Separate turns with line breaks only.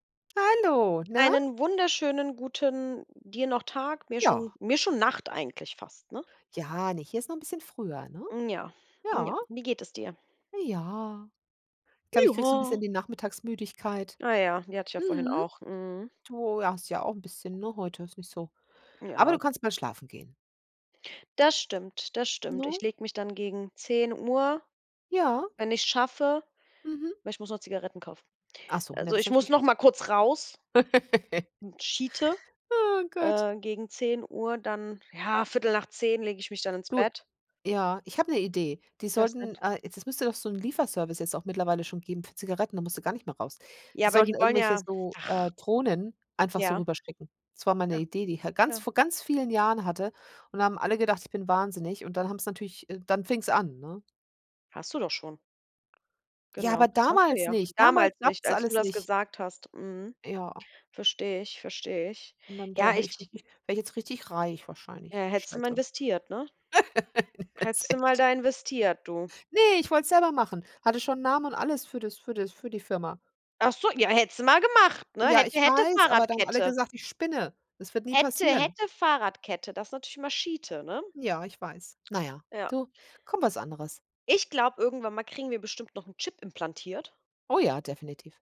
Hallo, na?
Einen wunderschönen guten dir noch Tag, mir
Ja.
schon mir schon Nacht eigentlich fast, ne?
Ja, ne, hier ist noch 'n bisschen früher, ne?
Hm, ja, hm, ja,
Ja.
wie geht es dir?
Ja. Ich glaube, ich kriege so 'n
Ja.
bisschen die Nachmittagsmüdigkeit,
Ah ja, die hatte ich ja vorhin
mhm.
auch. Mhm.
Du hast ja auch 'n bisschen, ne, heute ist nicht so. Aber
Ja.
du kannst bald schlafen gehen.
Das stimmt, das stimmt.
Ne?
Ich lege mich dann gegen 10:00,
Ja.
wenn ich's schaffe,
Mhm.
weil ich muss noch Zigaretten kaufen.
Ach so, na,
Also,
das ist
ich muss
natürlich
noch mal
witzig.
kurz raus schite,
Oh Gott.
äh, gegen 10:00, dann, ja, 10:15 lege ich mich dann ins
Du,
Bett.
ja, ich hab 'ne Idee. Die sollten
[unintelligible]
äh, jetzt, es müsste doch so 'n Lieferservice jetzt auch mittlerweile schon geben für Zigaretten, da musst du gar nicht mehr raus.
Ja,
Die
aber
sollten
die wollen
irgendwelche
ja
so,
ach.
äh, Drohnen einfach so
Ja.
rüberschicken. Das war mal 'ne
Ja,
Idee, die ich ha ganz
ja.
vor ganz vielen Jahren hatte. Und da haben alle gedacht, ich bin wahnsinnig. Und dann haben's natürlich äh, dann fing's an, ne?
Hast du doch schon.
Ja,
Genau,
aber
das hast du
damals
ja
nicht damals
damals nicht,
gab's das
als du
alles
das
nicht.
gesagt hast, mhm.
Ja.
Verstehe ich, verstehe ich.
Und dann
Ja,
da hätte ich
ich
wirklich wäre jetzt richtig reich
Ja,
wahrscheinlich.
hättest du mal
Scheiße.
investiert, ne?
Jetzt
Hättest du mal
echt.
da investiert, du.
Ne, ich wollte es selber machen hatte schon 'n Namen und alles für das für das für die Firma.
Ach so, ja, hättest du mal gemacht, ne?
Ja,
Hätte,
ich
hätte,
weiß, aber da haben alle
Fahrradkette.
gesagt, ich spinne. Das wird nie
Hätte,
passieren.
hätte, Fahrradkette. Das ist natürlich immer schite, ne?
Ja, ich weiß. Na ja,
Ja.
du komm was anderes.
Ich glaube, irgendwann mal kriegen wir bestimmt noch 'n Chip implantiert.
Oh ja, definitiv.